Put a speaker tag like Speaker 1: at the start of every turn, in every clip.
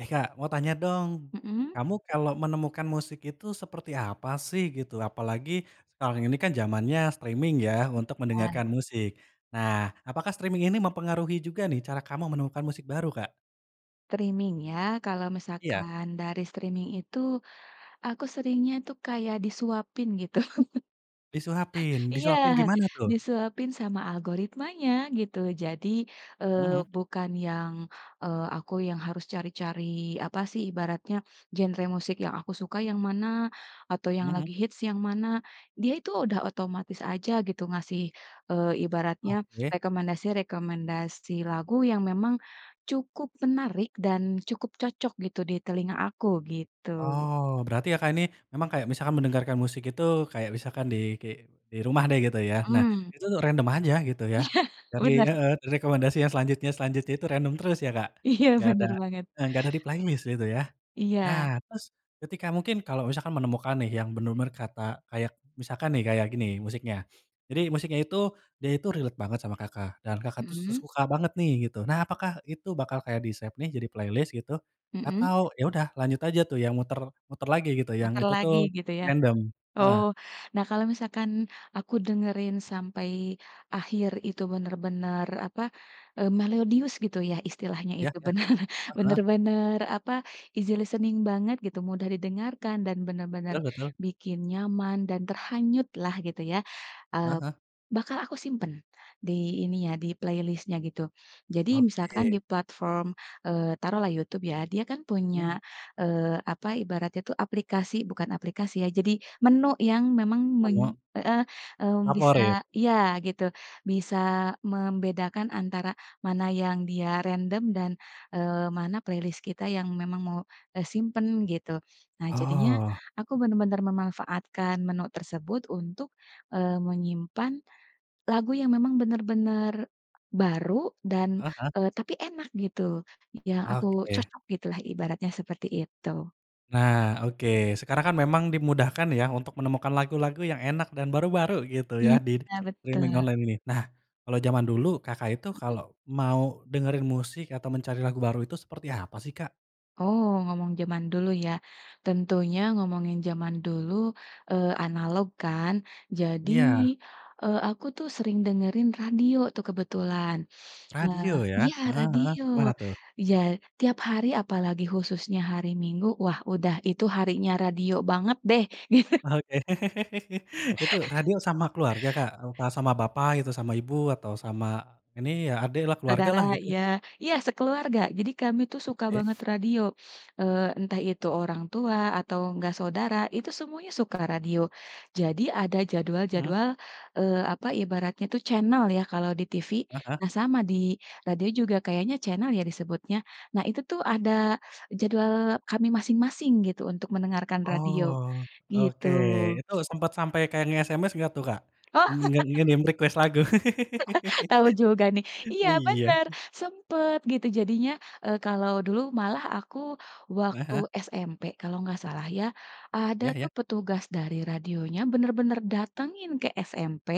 Speaker 1: Eh Kak, mau tanya dong.
Speaker 2: Mhm?
Speaker 1: Kamu kalau menemukan musik itu, seperti apa sih, gitu? Apalagi, sekarang ini kan, jamannya streaming ya, untuk
Speaker 2: Iya.
Speaker 1: mendengarkan musik. Nah, apakah streaming ini mempengaruhi juga nih, cara kamu menemukan musik baru, Kak?
Speaker 2: Streaming ya? Kalau
Speaker 1: Iya.
Speaker 2: misalkan dari streaming, itu, aku seringnya tuh, kayak, disuapin, gitu.
Speaker 1: Disuapin?
Speaker 2: Iya,
Speaker 1: Disuapin gimana tuh?
Speaker 2: disuapin sama algoritmanya, gitu. Jadi, eee,
Speaker 1: Mhm?
Speaker 2: bukan yang, eee, aku yang harus cari-cari, apa sih, ibaratnya, "Genre musik yang aku suka yang mana? Atau, yang lagi
Speaker 1: Mhm?
Speaker 2: hits yang mana?" Dia itu, udah otomatis aja, gitu, ngasih, eee, ibaratnya
Speaker 1: Oke.
Speaker 2: rekomendasi rekomendasi lagu, yang memang, cukup menarik, dan, cukup cocok, gitu, di telinga aku, gitu.
Speaker 1: Oh, berarti Kakak ini, memang kayak misalkan mendengarkan musik itu, kayak misalkan di, ki di rumah deh, gitu ya, nah,
Speaker 2: Mhm.
Speaker 1: itu tuh, untuk random aja, gitu ya?
Speaker 2: Iya,
Speaker 1: Dari
Speaker 2: benar.
Speaker 1: heeh, dari rekomendasi yang selanjutnya selanjutnya itu random terus ya, Kak?
Speaker 2: Iya,
Speaker 1: Nggak ada,
Speaker 2: benar banget.
Speaker 1: eee, nggak ada di playlist, gitu ya?
Speaker 2: Iya.
Speaker 1: Nah terus, ketika mungkin kalau misalkan menemukan nih, yang benar-benar kata kayak misalkan nih, kayak gini musiknya. Jadi, musiknya itu, dia itu relate banget sama Kakak, dan Kakak tuh, se
Speaker 2: Mhm?
Speaker 1: suka banget nih, gitu. Nah, apakah itu bakal kayak di-save nih jadi playlist, gitu?
Speaker 2: Mhm?
Speaker 1: Atau, ya udah, lanjut aja tuh, yang muter muter lagi, gitu, yang
Speaker 2: Muter
Speaker 1: itu
Speaker 2: lagi,
Speaker 1: tuh,
Speaker 2: gitu ya?
Speaker 1: random?
Speaker 2: Oh,
Speaker 1: Heeh.
Speaker 2: nah, kalau misalkan aku dengerin sampai akhir itu benar-benar, apa, eee, melodius, gitu ya, istilahnya,
Speaker 1: Iya
Speaker 2: itu
Speaker 1: iya?
Speaker 2: benar
Speaker 1: Heeh?
Speaker 2: benar-benar, apa, easy-listening banget, gitu, mudah didengarkan, dan, benar-benar
Speaker 1: Betul betul.
Speaker 2: bikin nyaman dan terhanyut lah, gitu ya,
Speaker 1: Hah
Speaker 2: eee,
Speaker 1: hah.
Speaker 2: bakal aku simpan di, ini ya, di playlist-nya, gitu. Jadi, misalkan di
Speaker 1: Oke.
Speaker 2: platform, eee, taruhlah YouTube ya, dia kan
Speaker 1: Mhm.
Speaker 2: punya, eee, apa ibaratnya tuh, aplikasi bukan aplikasi, ya. Jadi, menu yang memang men
Speaker 1: Menu?
Speaker 2: heeh, mmm,
Speaker 1: Favorit.
Speaker 2: bisa iya gitu, bisa membedakan antara, mana yang dia random, dan, eee, mana playlist kita, yang memang mau, eee, simpan, gitu. Nah, jadinya
Speaker 1: Oh.
Speaker 2: aku benar-benar memanfaatkan menu tersebut, untuk, eee, menyimpan lagu, yang memang benar-benar baru, dan,
Speaker 1: Heeh.
Speaker 2: eee, tapi, enak gitu, yang aku
Speaker 1: Oke.
Speaker 2: cocok gitulah, ibaratnya, seperti itu.
Speaker 1: Nah, oke, sekarang kan, memang dimudahkan ya, untuk menemukan lagu-lagu yang enak, dan baru-baru, gitu ya,
Speaker 2: Iya,
Speaker 1: di streaming
Speaker 2: betul.
Speaker 1: online ini. Nah, kalau jaman dulu, Kakak itu
Speaker 2: Mhm.
Speaker 1: kalau mau dengerin musik, atau mencari lagu baru, itu seperti apa sih, Kak?
Speaker 2: Oh, ngomong jaman dulu, ya? Tentunya, ngomongin jaman dulu, eee, analog, kan. Jadi,
Speaker 1: Iya.
Speaker 2: eee, aku tuh, sering dengerin radio tuh, kebetulan. Nah
Speaker 1: Radio ya?
Speaker 2: iya
Speaker 1: Heeh heeh,
Speaker 2: radio,
Speaker 1: gimana tuh?
Speaker 2: ja tiap hari, apalagi khususnya hari Minggu. Wah, udah, itu harinya radio banget deh.
Speaker 1: Oke. Itu, radio sama keluarga Kak, apa sama bapak, gitu, sama ibu? Atau, sama, ini ya, adik lah, keluarga
Speaker 2: Saudara,
Speaker 1: lah, gitu?
Speaker 2: iya iya sekeluarga. Jadi, kami tuh, suka banget
Speaker 1: Oke.
Speaker 2: radio, eee, entah itu orang tua, atau enggak saudara, itu, semuanya suka radio. Jadi, ada
Speaker 1: Mhm.
Speaker 2: jadwal-jadwal, eee, apa ibaratnya tuh, channel ya, kalau di TV.
Speaker 1: Heeh.
Speaker 2: Nah, sama, di radio juga kayaknya, channel, ya, disebutnya? Nah, itu tuh, ada jadwal kami masing-masing gitu, untuk mendengarkan radio,
Speaker 1: Oh,
Speaker 2: gitu.
Speaker 1: oke. Itu, sempat sampai kayak, nge-SMS nggak tuh, Kak?
Speaker 2: Oh.
Speaker 1: Nge nge-DM request lagu?
Speaker 2: Tahu juga nih. Iya
Speaker 1: Iya.
Speaker 2: benar, sempet, gitu. Jadinya, eee, kalau dulu, malah aku
Speaker 1: Heeh
Speaker 2: waktu
Speaker 1: heeh.
Speaker 2: SMP, kalau nggak salah ya, ada
Speaker 1: Iya iya.
Speaker 2: tuh, petugas dari radionya benar-benar datangin ke SMP,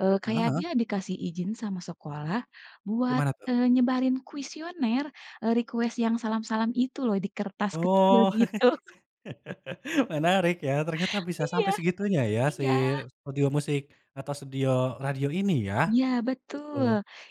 Speaker 2: eee,
Speaker 1: Heeh
Speaker 2: kayak
Speaker 1: heeh.
Speaker 2: dia dikasih izin sama sekolah, buat,
Speaker 1: Gimana tuh?
Speaker 2: eee, nyebarin kuisioner, eee, request yang salam-salam itu loh, di kertas kecil,
Speaker 1: Oh,
Speaker 2: gitu.
Speaker 1: menarik ya, ternyata bisa
Speaker 2: Iya.
Speaker 1: sampai segitunya ya, si
Speaker 2: Iya.
Speaker 1: studio musik, atau studio radio, ini ya,
Speaker 2: Iya,
Speaker 1: gitu.
Speaker 2: betul!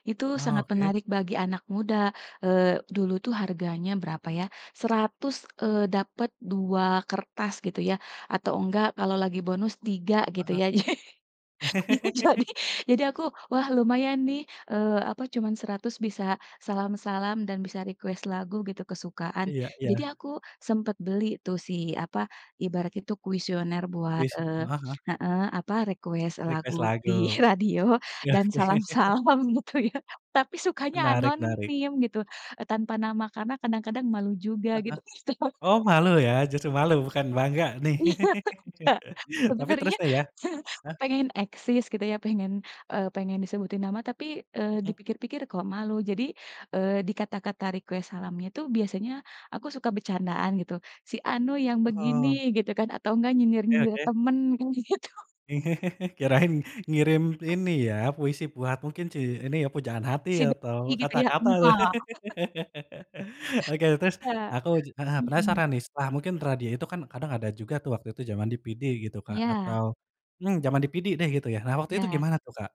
Speaker 2: Itu
Speaker 1: Oh,
Speaker 2: sangat
Speaker 1: oke.
Speaker 2: menarik bagi anak muda, eee, dulu tuh, harganya berapa ya, Rp100, eee, dapat 2 kertas gitu ya, atau enggak kalau lagi bonus, 3, gitu
Speaker 1: Heeh.
Speaker 2: ya. Jadi jadi aku, "Wah, lumayan nih, eee, apa, cuman Rp100 bisa salam-salam, dan bisa request lagu," gitu, kesukaan.
Speaker 1: Iya
Speaker 2: Jadi,
Speaker 1: iya.
Speaker 2: aku sempet beli tuh, si, apa, ibarat itu kuisioner buat,
Speaker 1: Wis
Speaker 2: eee
Speaker 1: heeh heeh.
Speaker 2: heeh, apa, request lagu
Speaker 1: Request lagu.
Speaker 2: di radio,
Speaker 1: Iya
Speaker 2: dan
Speaker 1: sih.
Speaker 2: salam-salam, gitu ya. Tapi, sukanya
Speaker 1: Menarik menarik.
Speaker 2: anonim, gitu, eee, tanpa nama, karena, kadang-kadang, malu juga,
Speaker 1: Heeh heeh.
Speaker 2: gitu.
Speaker 1: Oh, malu ya, justru malu, bukan bangga nih?
Speaker 2: Iya, Kak,
Speaker 1: Tapi, terus
Speaker 2: sebenarnya,
Speaker 1: tuh, ya heeh?
Speaker 2: pengen eksis, gitu ya, pengen, eee, pengen disebutin nama. Tapi, eee, di
Speaker 1: Mhm.
Speaker 2: pikir-pikir, "Kok malu?" Jadi, eee, di kata-kata request salamnya itu, biasanya aku suka bercandaan gitu, "Si anu yang begini,"
Speaker 1: Oh.
Speaker 2: gitu kan, atau enggak,
Speaker 1: Oke
Speaker 2: nyindir-nyindir
Speaker 1: oke.
Speaker 2: teman, kayak gitu.
Speaker 1: Kirain, ngirim ini ya, puisi buat mungkin si ini, pujaan hati
Speaker 2: Sibuk
Speaker 1: atau
Speaker 2: kayak gitu ya?
Speaker 1: kata-kata, tuh.
Speaker 2: Enggak
Speaker 1: Oke, terus
Speaker 2: Enggak,
Speaker 1: aku, ja heeh,
Speaker 2: mhm.
Speaker 1: penasaran nih, setelah, mungkin radio itu kan, kadang ada juga tuh, waktu itu zaman DVD, gitu Kak,
Speaker 2: Iya.
Speaker 1: atau mmm, jaman DVD deh, gitu ya. Nah, waktu
Speaker 2: Iya.
Speaker 1: itu gimana tuh, Kak?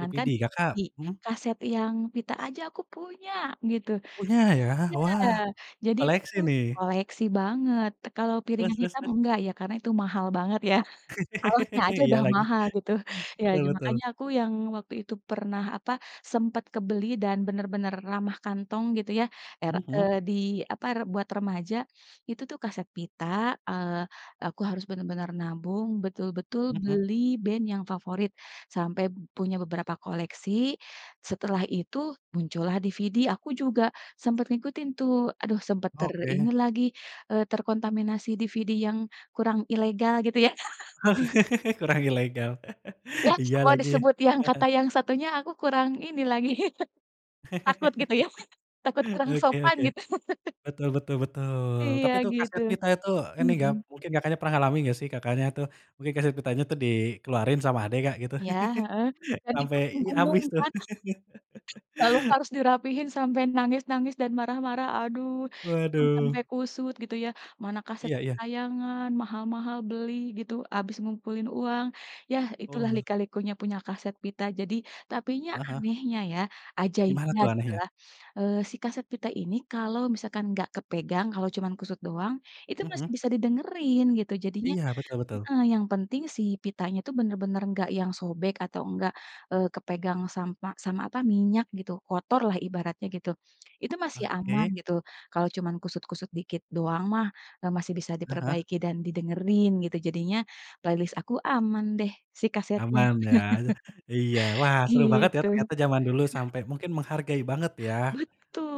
Speaker 1: DVD, Kakak
Speaker 2: CD,
Speaker 1: mhm?
Speaker 2: kaset yang pita aja aku punya, gitu.
Speaker 1: Punya, ya?
Speaker 2: Iya,
Speaker 1: Wah,
Speaker 2: jadi, itu
Speaker 1: koleksi
Speaker 2: tuh,
Speaker 1: nih.
Speaker 2: koleksi banget, kalau
Speaker 1: Terus
Speaker 2: piringan
Speaker 1: terus
Speaker 2: hitam
Speaker 1: terus?
Speaker 2: enggak ya, karena itu mahal banget ya, alasnya aja
Speaker 1: Iya
Speaker 2: udah
Speaker 1: lagi.
Speaker 2: mahal, gitu. Iya, ja
Speaker 1: Betul-betul.
Speaker 2: makanya aku, yang waktu itu, pernah, apa, sempat kebeli dan benar-benar ramah kantong, gitu ya, er
Speaker 1: Hmm hmm.
Speaker 2: eee, di, apa, re buat remaja. Itu tuh, kaset pita, eee, aku harus bener-bener nabung, betul-betul
Speaker 1: Hmm hmm.
Speaker 2: beli band yang favorit, sampai punya beberapa koleksi. Setelah itu, muncullah DVD, aku juga sempat ngikutin tuh, aduh, sempat ter ini
Speaker 1: Oke.
Speaker 2: lagi, eee, terkontaminasi DVD yang, kurang ilegal, gitu ya.
Speaker 1: Kurang ilegal.
Speaker 2: Iya,
Speaker 1: Iya
Speaker 2: kalau
Speaker 1: lagi,
Speaker 2: disebut yang kata
Speaker 1: heeh.
Speaker 2: yang satunya, aku kurang ini, lagi. Takut, gitu ya, takut kurang
Speaker 1: Oke
Speaker 2: sopan,
Speaker 1: oke.
Speaker 2: gitu.
Speaker 1: Betul betul betul.
Speaker 2: Iya,
Speaker 1: Tapi tuh,
Speaker 2: gitu.
Speaker 1: kaset pita itu, ini, ga
Speaker 2: Mhm.
Speaker 1: mungkin Kakaknya pernah ngalamin, nggak sih, Kakaknya tuh, mungkin kaset pitanya tuh, dikeluarin sama adik Kak, gitu?
Speaker 2: Iya, heeh? Dan itu,
Speaker 1: Sampai iya,
Speaker 2: digulung
Speaker 1: habis tuh.
Speaker 2: kan, lalu, harus dirapihin, sampai nangis-nangis dan marah-marah, aduh, itu
Speaker 1: Waduh.
Speaker 2: sampai kusut, gitu ya, mana kaset
Speaker 1: Iya iya.
Speaker 2: kesayangan, maha-mahal beli, gitu, habis ngumpulin uang, yah, itulah
Speaker 1: Oh.
Speaker 2: lika-likunya punya kaset pita. Jadi tapinya
Speaker 1: Heeh heeh.
Speaker 2: anehnya, ya,
Speaker 1: Gimana
Speaker 2: ajaibnya,
Speaker 1: tuh, anehnya?
Speaker 2: gitulah, eee, si kaset pita ini, kalau misalkan enggak kepegang, kalau cuman kusut doang, itu
Speaker 1: Hmm hmm.
Speaker 2: masih bisa didengerin, gitu. Jadinya
Speaker 1: Iya, betul betul.
Speaker 2: heeh, yang penting, si pitanya itu benar-benar enggak yang sobek, atau enggak, eee, kepegang sampa sama apa, minyak, gitu, kotor lah, ibaratnya gitu. Itu, masih aman,
Speaker 1: Oke.
Speaker 2: gitu, kalau cuman kusut-kusut dikit doang mah, eee, masih bisa
Speaker 1: Ah hah.
Speaker 2: diperbaiki dan didengerin, gitu. Jadinya, playlist aku, aman deh, si kasetnya,
Speaker 1: Aman, ya? Iya, wah seru banget ya,
Speaker 2: gitu.
Speaker 1: ternyata jaman dulu, sampai mungkin menghargai banget ya,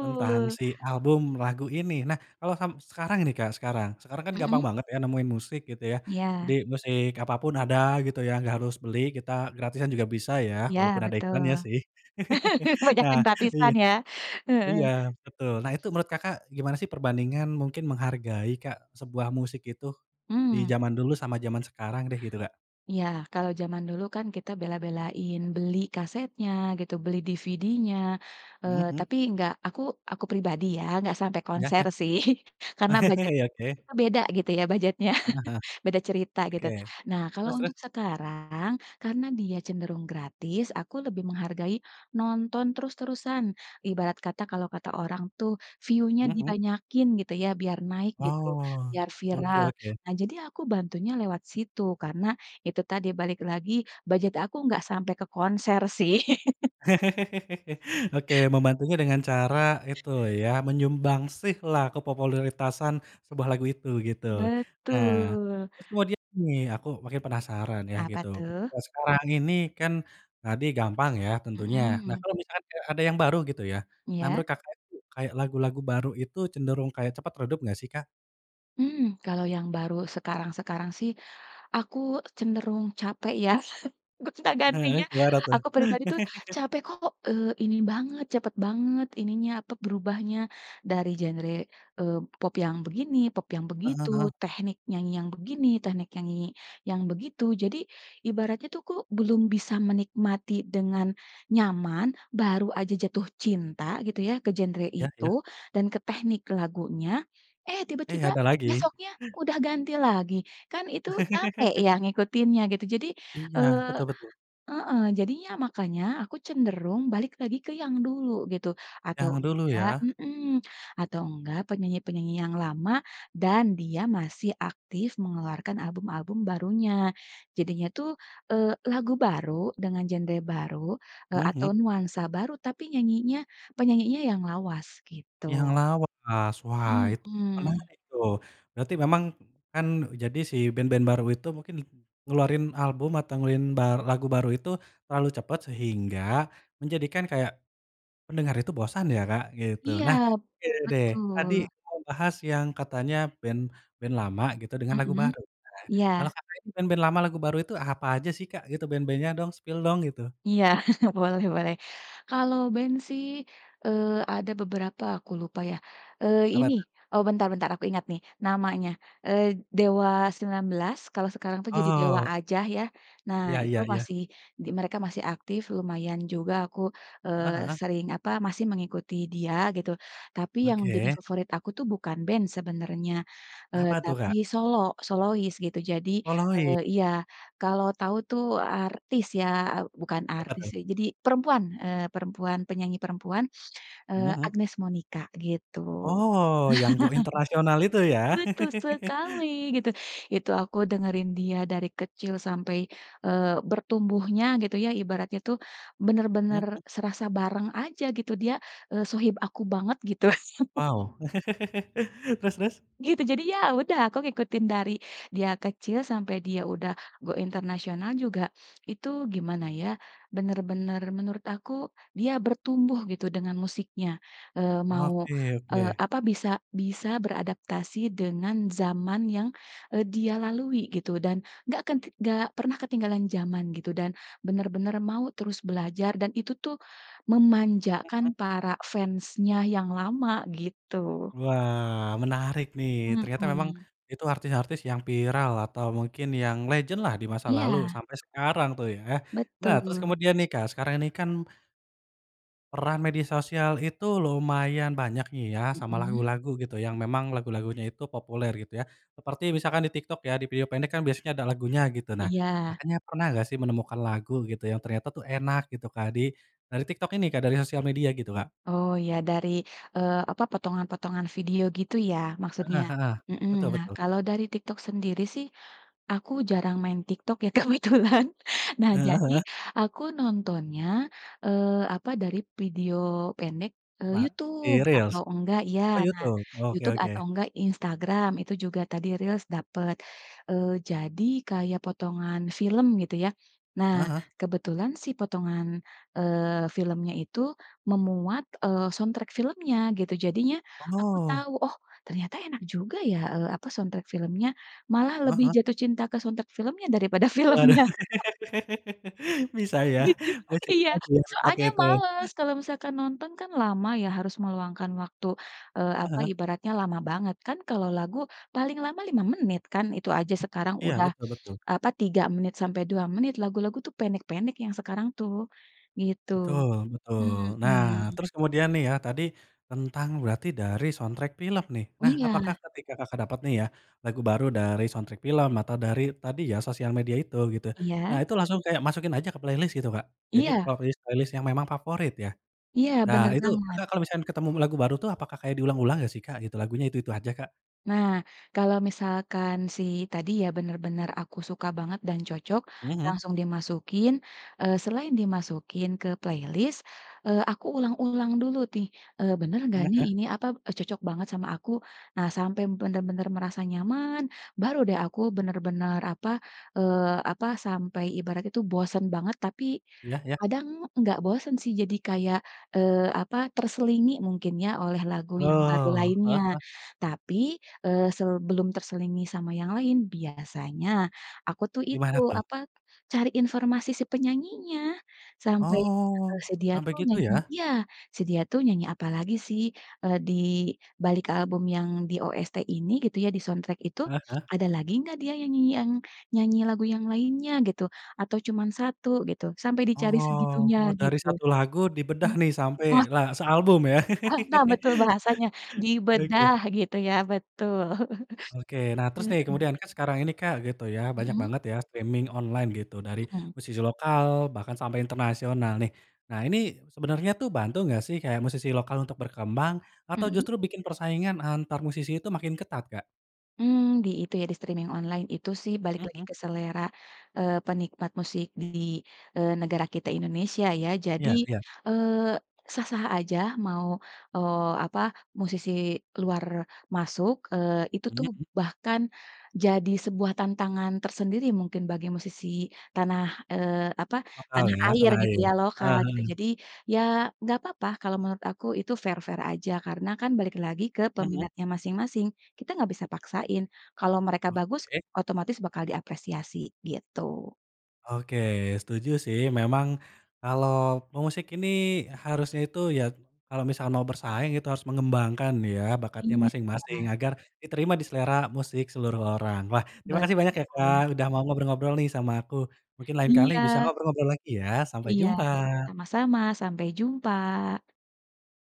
Speaker 1: tentang si album lagu ini. Nah, kalau sam sekarang ini Kak, sekarang sekarang kan, gampang
Speaker 2: Mhm?
Speaker 1: banget ya, nemuin musik, gitu ya. Jadi,
Speaker 2: Iya.
Speaker 1: musik apapun ada gitu ya, nggak harus beli, kita gratisan juga bisa ya,
Speaker 2: Iya,
Speaker 1: walaupun ada
Speaker 2: betul.
Speaker 1: iklannya sih.
Speaker 2: Banyak
Speaker 1: Nah
Speaker 2: yang
Speaker 1: iya
Speaker 2: gratisan, ya? Heeh.
Speaker 1: iya betul, nah, itu menurut Kakak, gimana sih perbandingan, mungkin menghargai Kak, sebuah musik itu, di
Speaker 2: Mmm.
Speaker 1: jaman dulu, sama jaman sekarang deh, gitu Kak?
Speaker 2: Iya, kalau jaman dulu kan, kita bela-belain beli kasetnya, gitu, beli DVD-nya,
Speaker 1: Hmm
Speaker 2: eee,
Speaker 1: hmm.
Speaker 2: tapi enggak, aku aku pribadi ya, enggak sampai
Speaker 1: Iya
Speaker 2: konser
Speaker 1: iya.
Speaker 2: sih. Karena, budget
Speaker 1: Iya, oke.
Speaker 2: kita beda, gitu ya, budgetnya
Speaker 1: Heeh heeh.
Speaker 2: beda cerita, gitu.
Speaker 1: Oke.
Speaker 2: Nah, kalau
Speaker 1: Terus terus?
Speaker 2: untuk sekarang, karena dia cenderung gratis, aku lebih menghargai nonton terus-terusan, ibarat kata, kalau kata orang tuh, "view-nya
Speaker 1: Hmm hmm.
Speaker 2: dibanyakin," gitu ya, biar naik, gitu,
Speaker 1: Oh,
Speaker 2: biar
Speaker 1: oke
Speaker 2: viral.
Speaker 1: oke.
Speaker 2: Nah, jadi aku bantunya lewat situ, karena, itu tadi, balik lagi, budget aku nggak sampai ke konser sih.
Speaker 1: Oke, membantunya dengan cara, itu ya, menyumbangsih lah, kepopuleritasan sebuah lagu itu, gitu. Nah,
Speaker 2: Betul.
Speaker 1: terus kemudian nih, aku makin penasaran, yah,
Speaker 2: Apa
Speaker 1: gitu,
Speaker 2: tuh?
Speaker 1: ketika sekarang ini, kan, tadi gampang ya, tentunya. Nah,
Speaker 2: Mhm.
Speaker 1: kalau misalkan ada ada yang baru gitu ya, nah
Speaker 2: Iya?
Speaker 1: menurut Kakak, kayak lagu-lagu baru itu, cenderung kayak cepat redup nggak sih, Kak?
Speaker 2: Mmm. Kalau yang baru sekarang-sekarang sih aku cenderung capek ya,
Speaker 1: Heeh,
Speaker 2: gonta-gantinya,
Speaker 1: gimana tuh?
Speaker 2: aku pribadi tuh capek kok, eee, ini banget cepet banget ininya, apa, berubahnya, dari genre, eee, pop yang begini, pop yang
Speaker 1: Heeh
Speaker 2: begitu,
Speaker 1: heeh.
Speaker 2: teknik nyanyi yang begini, teknik nyanyi yang begitu jadi ibaratnya tuh aku belum bisa menikmati dengan nyaman, baru aja jatuh cinta gitu ya ke genre
Speaker 1: Ya ya.
Speaker 2: itu, dan ke teknik lagunya, eh
Speaker 1: Eh
Speaker 2: tiba-tiba
Speaker 1: ada lagi.
Speaker 2: besoknya udah ganti lagi, kan itu capek ya ngikutinnya gitu jadi,
Speaker 1: Iya
Speaker 2: eee
Speaker 1: betul betul.
Speaker 2: heeh, jadinya makanya aku cenderung balik lagi ke yang dulu gitu atau
Speaker 1: Yang dulu
Speaker 2: enggak
Speaker 1: ya.
Speaker 2: mmm, atau enggak penyanyi-penyanyi yang lama dan dia masih aktif mengeluarkan album-album barunya, jadinya tuh, eee, lagu baru dengan genre baru, eee, atau
Speaker 1: Mhm.
Speaker 2: nuansa baru tapi nyanyinya penyanyinya yang lawas
Speaker 1: Yang
Speaker 2: gitu.
Speaker 1: lawas, wah itu
Speaker 2: Mhm.
Speaker 1: menarik tuh, berarti memang kan e jadi si band-band baru itu mungkin ngeluarin album atau ngelin bar lagu baru itu terlalu cepat, sehingga menjadikan kayak pendengar itu bosan ya, Kak, gitu.
Speaker 2: Iya.
Speaker 1: Nah, oke deh tadi
Speaker 2: Betul.
Speaker 1: mau bahas yang katanya band band lama gitu dengan lagu
Speaker 2: Mhm.
Speaker 1: baru ya, kalo
Speaker 2: Iya.
Speaker 1: Kakak ini band-band lama lagu baru itu apa aja sih, Kak, gitu band-band-nya dong, spill dong, gitu.
Speaker 2: Iya. Boleh boleh. Kalau band sih, eee, ada beberapa aku lupa ya, eee
Speaker 1: Apa
Speaker 2: ini,
Speaker 1: tuh?
Speaker 2: oh bentar-bentar aku ingat nih namanya, eee, Dewa 19, kalau sekarang jadi Dewa
Speaker 1: Oh.
Speaker 2: aja ya. Nah
Speaker 1: Iya
Speaker 2: itu
Speaker 1: iya iya.
Speaker 2: mereka di mereka masih aktif, lumayan juga aku,
Speaker 1: Heeh
Speaker 2: eee,
Speaker 1: heeh.
Speaker 2: sering apa masih mengikuti dia gitu, tapi yang jadi
Speaker 1: Oke.
Speaker 2: favorit aku tuh bukan band sebenarnya, eee,
Speaker 1: Apa tuh,
Speaker 2: tapi
Speaker 1: Kak?
Speaker 2: solo, solois gitu. Jadi,
Speaker 1: Solois.
Speaker 2: eee iya kalau tahu tuh artis ya. Bukan
Speaker 1: Siapa
Speaker 2: artis
Speaker 1: tuh?
Speaker 2: sih jadi perempuan, eee perempuan, penyanyi perempuan,
Speaker 1: Mhm
Speaker 2: eee
Speaker 1: mhm.
Speaker 2: Agnez Monica gitu.
Speaker 1: Oh. Yang go international itu ya.
Speaker 2: Betul sekali gitu, itu aku dengerin dia dari kecil sampai, eee, bertumbuhnya gitu ya, ibaratnya tuh bener-bener
Speaker 1: Mhm.
Speaker 2: serasa bareng aja gitu dia, eee, sohib aku banget gitu.
Speaker 1: Wow. Terus terus?
Speaker 2: Gitu jadi ya udah aku ngikutin dari dia kecil sampai dia udah go international juga itu gimana ya, bener-bener menurut aku dia bertumbuh gitu dengan musiknya, eee, mau,
Speaker 1: Oke
Speaker 2: eee,
Speaker 1: oke.
Speaker 2: apa bisa bisa beradaptasi dengan zaman yang, eee, dia lalui gitu dan enggak kan t enggak pernah ketinggalan zaman gitu dan benar-benar mau terus belajar dan itu tuh
Speaker 1: Mhm.
Speaker 2: memanjakan para fansnya yang lama gitu.
Speaker 1: Wah. Menarik nih ternyata memang
Speaker 2: Mhm.
Speaker 1: itu artis-artis yang viral atau mungkin yang legend-lah di masa lalu
Speaker 2: Iya.
Speaker 1: sampai sekarang tuh ya. Nah terus
Speaker 2: Betul.
Speaker 1: kemudian nih Kak, sekarang ini kan peran media sosial itu lumayan banyak nih ya sama
Speaker 2: Mhm.
Speaker 1: lagu-lagu gitu yang memang lagu lagunya itu populer gitu ya, seperti misalkan di TikTok ya, di video pendek kan biasanya kan ada lagunya gitu. Nah
Speaker 2: Iya.
Speaker 1: Kakaknya pernah gak sih menemukan lagu gitu, yang ternyata tuh enak gitu, Kak, di dari TikTok ini, Kak, dari sosial media gitu, Kak?
Speaker 2: Oh ya dari, eee, apa potongan-potongan video gitu ya maksudnya.
Speaker 1: Heeh heeh.
Speaker 2: Mhm,
Speaker 1: Betul
Speaker 2: nah
Speaker 1: betul.
Speaker 2: kalau dari TikTok sendiri sih, aku jarang main TikTok ya kebetulan, nah
Speaker 1: Heeh
Speaker 2: jadi
Speaker 1: heeh.
Speaker 2: aku nontonnya, eee, apa dari video pendek, eee,
Speaker 1: Apa di
Speaker 2: YouTube
Speaker 1: reels?
Speaker 2: atau enggak iya
Speaker 1: Oh
Speaker 2: nah
Speaker 1: Youtube, oke
Speaker 2: YouTube atau
Speaker 1: oke.
Speaker 2: enggak Instagram itu juga tadi reels dapat, eee, jadi kayak potongan film gitu ya. Nah
Speaker 1: Ah hah.
Speaker 2: kebetulan sih potongan, eee, filmnya itu memuat, eee, soundtrack filmnya gitu jadinya aku
Speaker 1: Oh.
Speaker 2: tahu, oh, ternyata enak juga ya, eee, apa, soundtrack filmnya, malah
Speaker 1: Ah
Speaker 2: lebih
Speaker 1: hah.
Speaker 2: jatuh cinta ke soundtrack filmnya daripada
Speaker 1: Waduh.
Speaker 2: filmnya.
Speaker 1: Bisa ya
Speaker 2: Gitu, iya,
Speaker 1: [unintelligible] itu.
Speaker 2: soalnya males kalau misalkan nonton kan lama ya harus meluangkan waktu, eee,
Speaker 1: Heeh
Speaker 2: apa
Speaker 1: heeh.
Speaker 2: ibaratnya lama banget kan kalau lagu, paling lama 5 menit kan itu aja sekarang
Speaker 1: Iya
Speaker 2: udah
Speaker 1: betul betul.
Speaker 2: apa, 3 menit sampai 2 menit, lagu-lagu tuh pendek-pendek yang sekarang tuh. Gitu.
Speaker 1: Betul betul. Nah,
Speaker 2: Mhm.
Speaker 1: terus kemudian nih ya, tadi tentang berarti dari soundtrack film nih, nah apakah
Speaker 2: Iya.
Speaker 1: ketika Kakak dapet nih ya lagu baru dari soundtrack film atau dari tadi ya sosial media itu gitu, nah
Speaker 2: Iya.
Speaker 1: itu langsung kayak masukin aja ke playlist gitu, Kak? Jadi
Speaker 2: Iya.
Speaker 1: playlist- playlist yang memang favorit ya.
Speaker 2: Iya
Speaker 1: Nah
Speaker 2: bener
Speaker 1: itu
Speaker 2: banget.
Speaker 1: Kakak kalau misalkan ketemu lagi baru apakah kayak diulang-ulang gak sih, Kak, gitu, lagunya itu itu aja, Kak?
Speaker 2: Nah kalau misalkan sih tadi ya, bener-bener aku suka banget dan cocok,
Speaker 1: Mhm.
Speaker 2: langsung dimasukin, eee, selain dimasukin ke playlist, eee, aku ulang-ulang dulu nih, eee, bener gak
Speaker 1: Mmm,
Speaker 2: nih
Speaker 1: heeh.
Speaker 2: ini apa, e cocok banget sama aku, nah sampai benar-benar merasa nyaman baru deh aku bener-bener apa, eee, apa, sampai ibarat itu bosen banget, tapi
Speaker 1: Ya ya.
Speaker 2: kadang enggak bosen sih jadi kayak, eee, apa terselingi mungkin ya oleh lagu yang baru
Speaker 1: Oh. Heeh
Speaker 2: lainnya.
Speaker 1: heeh.
Speaker 2: Tapi, eee, sebelum terselingi sama yang lain, biasanya aku tuh itu
Speaker 1: Gimana tuh?
Speaker 2: apa, cari informasi si penyanyinya sampai
Speaker 1: Oh,
Speaker 2: si dia
Speaker 1: sampai
Speaker 2: tuh
Speaker 1: gitu
Speaker 2: nyanyi
Speaker 1: ya?
Speaker 2: iya, si dia tuh nyanyi apalagi sih, eee, di dibalik album yang di OST ini gitu ya di soundtrack itu,
Speaker 1: Heeh heeh.
Speaker 2: ada lagi enggak dia nyanyi yang nyanyi lagu yang lainnya gitu, atau cuman 1 gitu, sampai dicari segitunya
Speaker 1: Oh dari
Speaker 2: gitu.
Speaker 1: 1 lagu dibedah
Speaker 2: Mmm,
Speaker 1: nih sampai
Speaker 2: oh
Speaker 1: la sealbum ya.
Speaker 2: Ah nah betul bahasanya
Speaker 1: Oke.
Speaker 2: dibedah gitu ya betul.
Speaker 1: Oke. Nah terus nih
Speaker 2: heeh.
Speaker 1: kemudian, kan sekarang ini, Kak, gitu ya, banyak
Speaker 2: Mhm.
Speaker 1: banget ya streaming online gitu, dari
Speaker 2: Mhm.
Speaker 1: musisi lokal bahkan sampai internasional nih, nah ini sebenernya tuh bantu gak sih kayak musisi lokal untuk berkembang? Atau
Speaker 2: Mhm.
Speaker 1: justru bikin persaingan antar musisi itu makin ketat, Kak?
Speaker 2: Mmm di itu ya di streaming online itu sih balik
Speaker 1: Mmm
Speaker 2: lagi
Speaker 1: mmm.
Speaker 2: ke selera, eee, penikmat musik di, eee, negara kita Indonesia ya. Jadi,
Speaker 1: Iya iya.
Speaker 2: eee, sah-sah aja, mau, eee, apa musisi luar masuk, eee, itu
Speaker 1: Mmm
Speaker 2: tuh
Speaker 1: mmm.
Speaker 2: bahkan jadi sebuah tantangan tersendiri mungkin bagi musisi tanah, eee, apa,
Speaker 1: Lokal
Speaker 2: tanah
Speaker 1: ya,
Speaker 2: air
Speaker 1: tanah
Speaker 2: gitu
Speaker 1: air.
Speaker 2: ya lokal
Speaker 1: Heeh
Speaker 2: gitu,
Speaker 1: heeh.
Speaker 2: jadi ya enggak papa kalau menurut aku, itu fair-fair aja karena kan balik lagi ke
Speaker 1: Mhm.
Speaker 2: peminatnya masing-masing, kita nggak bisa paksain kalau mereka bagus
Speaker 1: Oke.
Speaker 2: otomatis bakal diapresiasi gitu.
Speaker 1: Oke, setuju sih memang kalau pemusik ini harusnya itu ya, kalau misal mau bersaing itu harus mengembangkan ya bakatnya
Speaker 2: Iya.
Speaker 1: masing-masing agar diterima di selera musik seluruh orang. Wah terima kasih banyak ya, Kak,
Speaker 2: Betul.
Speaker 1: udah mau ngobrol-ngobrol nih sama aku, mungkin lain kali bisa
Speaker 2: Iya.
Speaker 1: ngobrol-ngobrol lagi ya, sampai
Speaker 2: Iya.
Speaker 1: jumpa.
Speaker 2: Sama-sama, sampai jumpa.